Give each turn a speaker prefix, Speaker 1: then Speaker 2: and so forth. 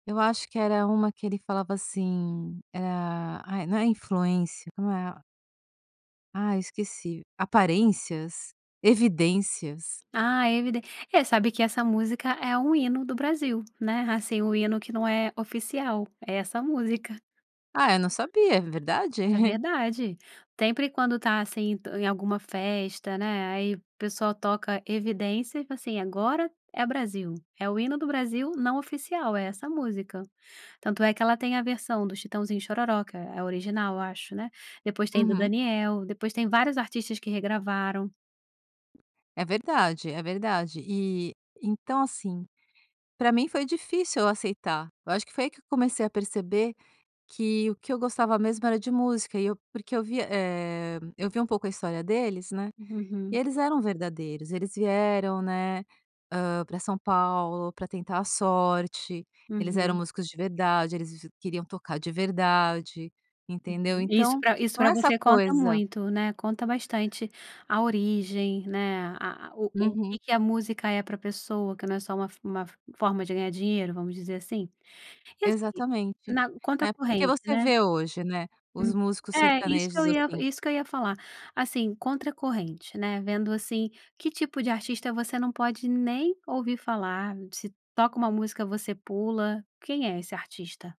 Speaker 1: Eu acho que era uma que ele falava assim: "Ah" ai, não é influência, como é ah, esqueci, aparências, evidências.
Speaker 2: Ah, é eviden é, sabe que essa música é um hino do Brasil, né, assim, o hino que não é oficial é essa música.
Speaker 1: Ah, eu não sabia, é verdade?
Speaker 2: É verdade, sempre quando está assim em alguma festa, né, aí o pessoal toca Evidências, assim, agora é Brasil, é o hino do Brasil não oficial, é essa música. Tanto é que ela tem a versão do Chitãozinho& Xororó, que é original, eu acho, né. Depois tem do
Speaker 1: Uhum.
Speaker 2: Daniel, depois tem vários artistas que regravaram.
Speaker 1: É verdade, é verdade e então assim, para mim foi difícil eu aceitar, eu acho que foi aí que eu comecei a perceber que o que eu gostava mesmo era de música, e eu porque eu via, eh, eu vi um pouco a história deles, né, e
Speaker 2: Uhum.
Speaker 1: eles eram verdadeiros, eles vieram, né, hã, para São Paulo, para tentar a sorte, eles eram
Speaker 2: Uhum.
Speaker 1: músicos de verdade, eles queriam tocar de verdade, entendeu.
Speaker 2: Uhum. Isso
Speaker 1: Então
Speaker 2: para isso
Speaker 1: não
Speaker 2: para
Speaker 1: é essa
Speaker 2: você conta
Speaker 1: coisa
Speaker 2: muito, né, conta bastante a origem né, a a o o que
Speaker 1: Uhum.
Speaker 2: que a música é para pessoa que não é só uma fo uma forma de ganhar dinheiro vamos dizer assim. E assim
Speaker 1: Exatamente,
Speaker 2: na conta
Speaker 1: né, porque
Speaker 2: corrente,
Speaker 1: você
Speaker 2: né.
Speaker 1: vê hoje, né, os
Speaker 2: Hum.
Speaker 1: músicos
Speaker 2: É, isso que eu
Speaker 1: sertanejos
Speaker 2: ia
Speaker 1: assim
Speaker 2: isso que eu ia falar, assim, contra corrente, né, vendo assim que tipo de artista você não pode nem ouvir falar? Se toca uma música você pula, quem é esse artista?